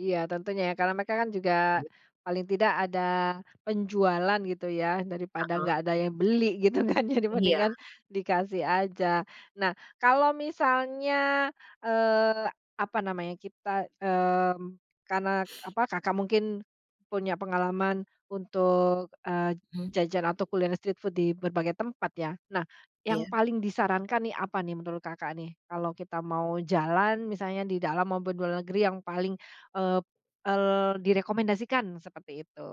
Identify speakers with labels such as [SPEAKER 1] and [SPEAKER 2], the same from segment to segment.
[SPEAKER 1] Iya tentunya ya karena mereka kan juga
[SPEAKER 2] [unintelligible]
[SPEAKER 1] paling tidak ada penjualan gitu ya, daripada
[SPEAKER 2] Heeh.
[SPEAKER 1] nggak ada yang beli gitu kan ya,
[SPEAKER 2] Iya.
[SPEAKER 1] dibandingkan dikasih aja. Nah, kalau misalnya, eee, apa namanya, kita mmm, karena apa Kakak mungkin punya pengalaman untuk, eee,
[SPEAKER 2] Hmm.
[SPEAKER 1] jajan atau kuliner street food di berbagai tempat ya. Nah, yang
[SPEAKER 2] Iya.
[SPEAKER 1] paling disarankan nih apa nih menurut Kakak nih? Kalau kita mau jalan misalnya di dalam maupun luar negeri yang paling, eee, el direkomendasikan seperti itu.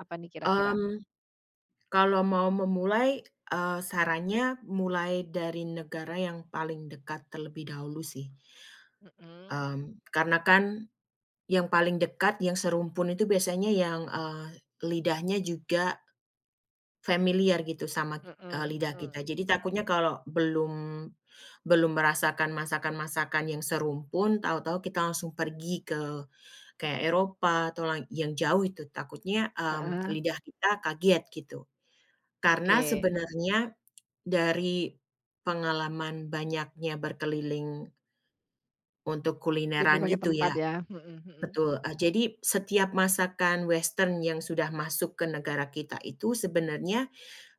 [SPEAKER 1] Apa nih kira-kira?
[SPEAKER 2] Mmm. Kalau mau memulai, eee, sarannya mulai dari negara yang paling dekat terlebih dahulu sih.
[SPEAKER 1] Mhm.
[SPEAKER 2] Mmm, karena kan, yang paling dekat yang serumpun itu biasanya yang, eee, lidahnya juga familiar gitu sama kit
[SPEAKER 1] Mhm
[SPEAKER 2] lidah kita.
[SPEAKER 1] mhm.
[SPEAKER 2] Jadi takutnya kalau belum, belum merasakan masakan-masakan yang serumpun tahu-tahu kita langsung pergi ke kayak Eropa atau lai yang jauh itu takutnya, mmm,
[SPEAKER 1] Heeh.
[SPEAKER 2] lidah kita kaget gitu. Karena
[SPEAKER 1] Oke.
[SPEAKER 2] sebenarnya dari pengalaman banyaknya berkeliling untuk
[SPEAKER 1] Di
[SPEAKER 2] kulineran
[SPEAKER 1] berbagai
[SPEAKER 2] gitu
[SPEAKER 1] tempat
[SPEAKER 2] ya.
[SPEAKER 1] ya? Mhm mhm.
[SPEAKER 2] Betul, ah, jadi setiap masakan western yang sudah masuk ke negara kita itu sebenarnya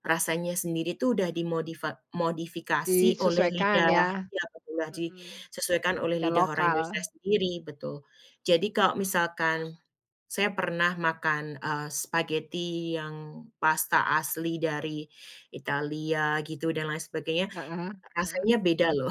[SPEAKER 2] rasanya sendiri tuh udah dimodifa dimodifikasi oleh
[SPEAKER 1] Disesuaikan
[SPEAKER 2] lidah
[SPEAKER 1] ya?
[SPEAKER 2] ya [unintelligible]
[SPEAKER 1] Mhm.
[SPEAKER 2] sesuaikan oleh
[SPEAKER 1] Tidak
[SPEAKER 2] lidah orang Indonesia
[SPEAKER 1] lokal.
[SPEAKER 2] sendiri, betul. Jadi kalau misalkan saya pernah makan, eee, spaghetti yang pasta asli dari Italia gitu dan lain sebagainya,
[SPEAKER 1] Heeh, heeh.
[SPEAKER 2] rasanya beda loh.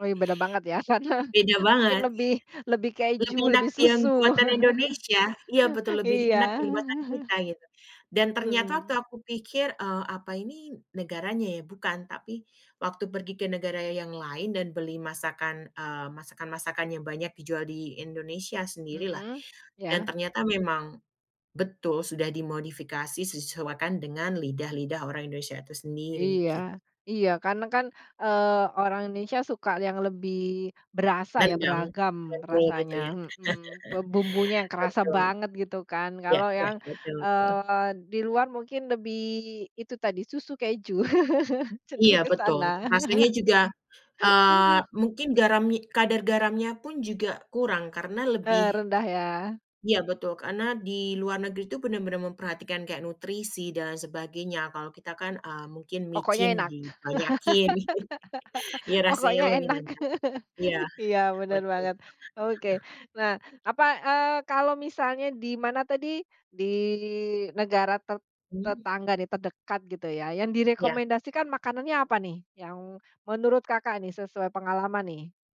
[SPEAKER 1] Oh, beda banget ya sana.
[SPEAKER 2] Beda
[SPEAKER 1] Mungkin
[SPEAKER 2] banget.
[SPEAKER 1] lebih lebih
[SPEAKER 2] Lebih
[SPEAKER 1] keju,
[SPEAKER 2] enak
[SPEAKER 1] lebih
[SPEAKER 2] yang
[SPEAKER 1] susu.
[SPEAKER 2] buatan Indonesia, iya betul lebih
[SPEAKER 1] Iya.
[SPEAKER 2] enak yang buatan kita gitu dan ternyata waktu
[SPEAKER 1] Mhm.
[SPEAKER 2] aku pikir, eee, apa ini negaranya ya. Bukan, tapi waktu pergi ke negara yang lain dan beli masakan, eee, masakan-masakan yang banyak dijual di Indonesia sendirilah
[SPEAKER 1] Mhm,
[SPEAKER 2] dan
[SPEAKER 1] iya.
[SPEAKER 2] ternyata memang betul sudah dimodifikasi, sesuaikan dengan lidah-lidah orang Indonesia itu sendiri
[SPEAKER 1] Iya,
[SPEAKER 2] git
[SPEAKER 1] iya. Karena kan, eee, orang Indonesia suka yang lebih berasa ya,
[SPEAKER 2] Nendang,
[SPEAKER 1] beragam
[SPEAKER 2] [unintelligible] gitu
[SPEAKER 1] rasanya,
[SPEAKER 2] ya?
[SPEAKER 1] mhm. Bumbunya yang kerasa
[SPEAKER 2] Betul.
[SPEAKER 1] banget gitu kan.
[SPEAKER 2] Iya
[SPEAKER 1] Kalau
[SPEAKER 2] iya.
[SPEAKER 1] yang,
[SPEAKER 2] Betul betul.
[SPEAKER 1] eee, di luar mungkin lebih itu tadi susu keju.
[SPEAKER 2] Iya
[SPEAKER 1] Cenderung ke
[SPEAKER 2] betul.
[SPEAKER 1] sana.
[SPEAKER 2] Rasanya juga eee, mungkin garami kadar garamnya pun juga kurang karena lebih
[SPEAKER 1] Terendah ya?
[SPEAKER 2] iya betul karena di luar negeri tuh benar-benar memperhatikan kayak nutrisi dan lain sebagainya, kalau kita kan, ah, mungkin
[SPEAKER 1] Pokoknya
[SPEAKER 2] micin
[SPEAKER 1] enak.
[SPEAKER 2] di banyakin. Iya rasanya
[SPEAKER 1] pokoknya
[SPEAKER 2] lebih
[SPEAKER 1] enak.
[SPEAKER 2] nendang. Iya.
[SPEAKER 1] Iya bener
[SPEAKER 2] Betul.
[SPEAKER 1] banget. Oke,
[SPEAKER 2] Heeh
[SPEAKER 1] nah apa, eee, kalau misalnya di mana tadi di negara te
[SPEAKER 2] Mhm.
[SPEAKER 1] tetangga nih terdekat gitu ya, yang
[SPEAKER 2] Iya.
[SPEAKER 1] direkomendasikan makanannya apa nih? Yang menurut Kakak nih, sesuai pengalaman nih?